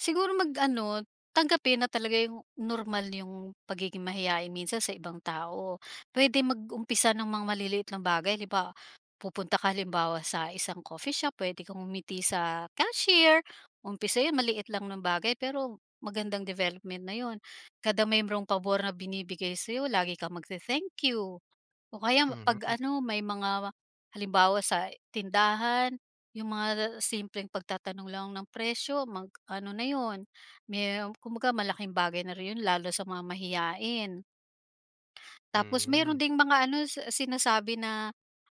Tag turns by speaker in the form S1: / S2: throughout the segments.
S1: Siguro mag ano, tanggapin na talaga yung normal yung pagiging mahiyain minsan sa ibang tao, puwede mag-umpisa ng mga maliliit na bagay di ba? Pupunta ka halimbawa sa isang coffee shop puwede kang ngumiti sa cashier, umpisa yung maliit lang na bagay pero magandang development na yun. Kada merong pabor na binibigay sa'yo lagi kang magte-thank you, o kaya pag
S2: Mhm.
S1: ano may mga halimbawa sa tindahan, yung mga simpleng pagtatanong lang ng presyo mag ano na yun, merong kung baga malaking bagay na rin yun lalo sa mga mahiyain. Tapos meron
S2: Hmm.
S1: ding mga ano sinasabi na,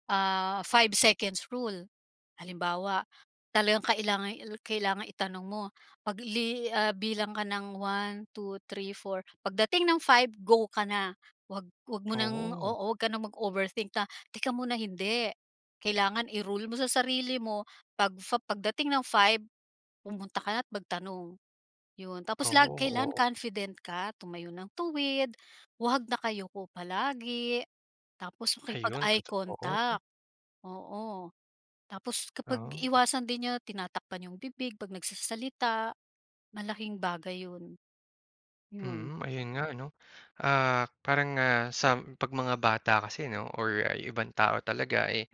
S1: ah, 5 seconds rule. Halimbawa, talagang kailangan kailangan itanong mo, pag li ah, bilang ka ng 1, 2, 3, 4 pagdating ng 5 go ka na. Wag wag mo ng
S2: Oo.
S1: oo. Wag ka ng mag-overthink na "teka muna," hindi. Kailangan i-rule mo sa sarili mo pag pagdating ng 5, pumunta ka na't magtanong. Yun tapos lag
S2: Oo,
S1: kailan
S2: oo.
S1: confident ka tumayo ng tuwid, huwag nakayuko palagi, tapos
S2: Ayun,
S1: makipag-eye
S2: totoo.
S1: contact, oo. Tapos kapag
S2: Ah.
S1: iwasan din niyo tinatakpan yung bibig pag nagsasalita, malaking bagay yun. Yun.
S2: Mm, ayun nga 'no, ah, parang nga sa pag mga bata kasi 'no or ay ibang tao talaga, eh,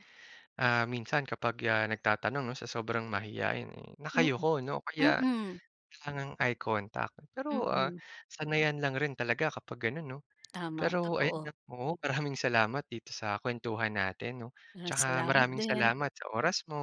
S2: ah, minsan kapag nagtatanong, sa sobrang mahiyain, eh,
S1: Mm,
S2: nakayuko 'no o kaya,
S1: mm.
S2: langang eye contact, pero, ah,
S1: Mm.
S2: sanayan lang rin talaga kapag ganun 'no.
S1: Tama,
S2: Pero
S1: totoo.
S2: ayan oo maraming salamat dito sa kwentuhan natin 'no
S1: Ah,
S2: tsaka
S1: salamat
S2: maraming
S1: din.
S2: salamat sa oras mo.